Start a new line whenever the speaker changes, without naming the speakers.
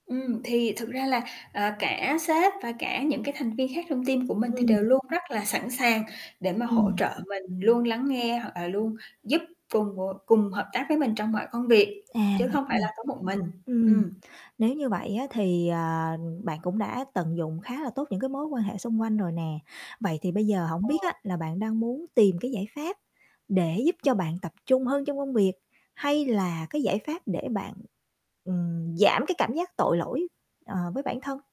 Ừm, thì thực ra là, ờ, cả sếp và cả những cái thành viên khác trong team của mình thì
Ừm.
đều luôn rất là sẵn sàng để mà hỗ
Ừm.
trợ mình, luôn lắng nghe hoặc là luôn giúp cùng [unintelligible] cùng hợp tác với mình trong mọi công việc,
À,
chứ
vậy
không phải là có một mình,
à. Ừm,
ừm.
nếu như vậy á thì, à, bạn cũng đã tận dụng khá là tốt những cái mối quan hệ xung quanh rồi nè. Vậy thì bây giờ hổng
Ờ.
biết á là bạn đang muốn tìm cái giải pháp để giúp cho bạn tập trung hơn trong công việc, hay là cái giải pháp để bạn, ừm, giảm cái cảm giác tội lỗi, ờ, với bản thân?